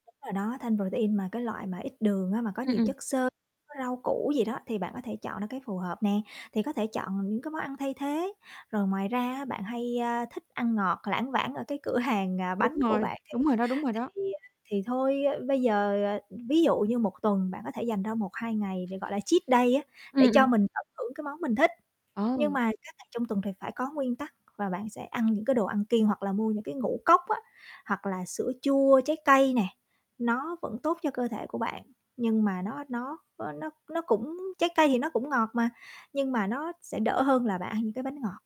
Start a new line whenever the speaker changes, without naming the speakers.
Đúng rồi đó, thanh protein mà cái loại mà ít đường á, mà có
Ưm,
nhiều
ừm.
chất xơ, có rau củ gì đó thì bạn có thể chọn ra cái phù hợp nè, thì có thể chọn là những cái món ăn thay thế. Rồi ngoài ra á, bạn hay, a, thích ăn ngọt, lảng vảng ở cái cửa hàng, à,
Đúng
bánh của
rồi,
bạn, thì
đúng rồi đó, đúng rồi đó.
thì, à, thì thôi, a, bây giờ, ờ, ví dụ như một tuần bạn có thể dành ra 1, 2 ngày để, gọi là, cheat day á, để
Ưm, ừm.
cho mình tận hưởng cái món mình thích. Nhưng
Ồ!
mà các ngày trong tuần thì phải có nguyên tắc và bạn sẽ ăn những cái đồ ăn kiêng hoặc là mua những cái ngũ cốc á, hoặc là sữa chua trái cây nè, nó vẫn tốt cho cơ thể của bạn, nhưng mà nó nó, ơ, nó nó cũng trái cây thì nó cũng ngọt mà, nhưng mà nó sẽ đỡ hơn là bạn ăn những cái bánh ngọt.